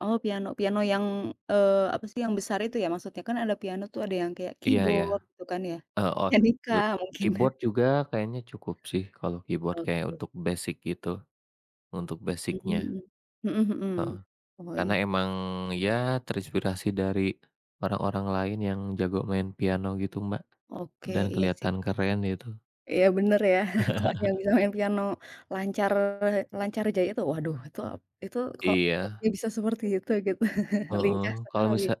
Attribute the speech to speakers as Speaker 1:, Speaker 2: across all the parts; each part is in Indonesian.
Speaker 1: Oh piano, piano yang eee, apa sih yang besar itu ya maksudnya kan ada piano tuh ada yang kayak
Speaker 2: Iya iya.
Speaker 1: keyboard gitu kan ya,
Speaker 2: Eee, oh
Speaker 1: pianika
Speaker 2: eee,
Speaker 1: mungkin
Speaker 2: keyboard juga kayaknya cukup sih kalau keyboard kayak
Speaker 1: Oke.
Speaker 2: untuk basic gitu untuk basicnya.
Speaker 1: Mmm, mhm
Speaker 2: Heeh,
Speaker 1: mhm. Oh
Speaker 2: karena
Speaker 1: iya.
Speaker 2: memang ya terinspirasi dari orang-orang lain yang jago main piano gitu Mbak,
Speaker 1: Oke,
Speaker 2: dan
Speaker 1: iya sih.
Speaker 2: kelihatan keren, gitu.
Speaker 1: Iya bener ya kalau ada yang bilang piano lancar lancar jaya tuh waduh itu itu kok
Speaker 2: Iya.
Speaker 1: dia bisa seperti itu gitu. Lincah
Speaker 2: Heeh, kalau
Speaker 1: sekali.
Speaker 2: misa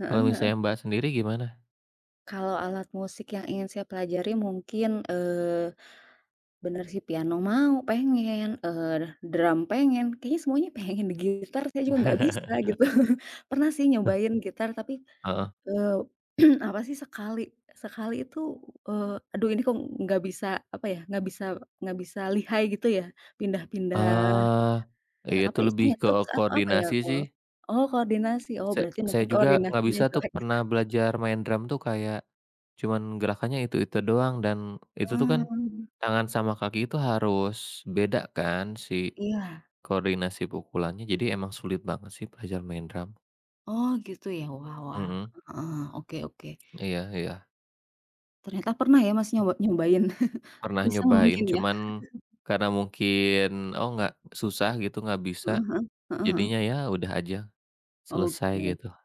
Speaker 1: Heeh
Speaker 2: kalau
Speaker 1: heeh.
Speaker 2: misalnya Mbak, sendiri gimana?
Speaker 1: Kalau alat musik yang ingin saya pelajari mungkin eee, bener si piano, mau pengen, eee, drum pengen, kayaknya semuanya pengen gitar saya juga enggak bisa gitu. Pernah sih
Speaker 2: Heh.
Speaker 1: nyobain gitar tapi
Speaker 2: Heeh.
Speaker 1: eee, apa sih sekali sekali itu, eee, aduh ini kok enggak bisa, apa ya, enggak bisa enggak bisa lihai gitu ya. Pindah-pindah
Speaker 2: Eee,
Speaker 1: eee,
Speaker 2: ya
Speaker 1: apa
Speaker 2: itu lebih
Speaker 1: istilahnya [unintelligible] tuh
Speaker 2: keo
Speaker 1: apa ya?
Speaker 2: koordinasi sih.
Speaker 1: Oh koordinasi, oh
Speaker 2: Sa
Speaker 1: berarti
Speaker 2: saya
Speaker 1: mungkin
Speaker 2: juga enggak
Speaker 1: koordinasinya
Speaker 2: bisa tuh
Speaker 1: jelek.
Speaker 2: pernah belajar main drum tuh kayak cuman gerakannya itu-itu doang dan itu tuh kan,
Speaker 1: Hmm.
Speaker 2: tangan sama kaki itu harus beda kan si
Speaker 1: Iya.
Speaker 2: koordinasi pukulannya, jadi emang sulit banget sih belajar main drum.
Speaker 1: Oh gitu ya wah wah,
Speaker 2: Mhm.
Speaker 1: heeh, oke oke.
Speaker 2: Iya iya.
Speaker 1: Ternyata pernah ya Mas,
Speaker 2: E
Speaker 1: nyoba nyobain?
Speaker 2: Pernah
Speaker 1: Bisa mungkin
Speaker 2: nyobain,
Speaker 1: ya.
Speaker 2: cuman karena mungkin oh enggak susah gitu, enggak bisa
Speaker 1: Heeh heeh, heeh heeh.
Speaker 2: jadinya ya udah aja, selesai
Speaker 1: Oke.
Speaker 2: gitu.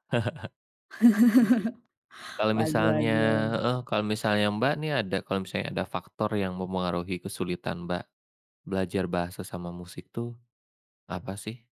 Speaker 2: Kalau
Speaker 1: Waduh
Speaker 2: misalnya
Speaker 1: waduh.
Speaker 2: heeh, kalau misalnya Mbak, nih ada kalau misalnya ada faktor yang memengaruhi kesulitan Mbak, belajar bahasa sama musik itu apa sih?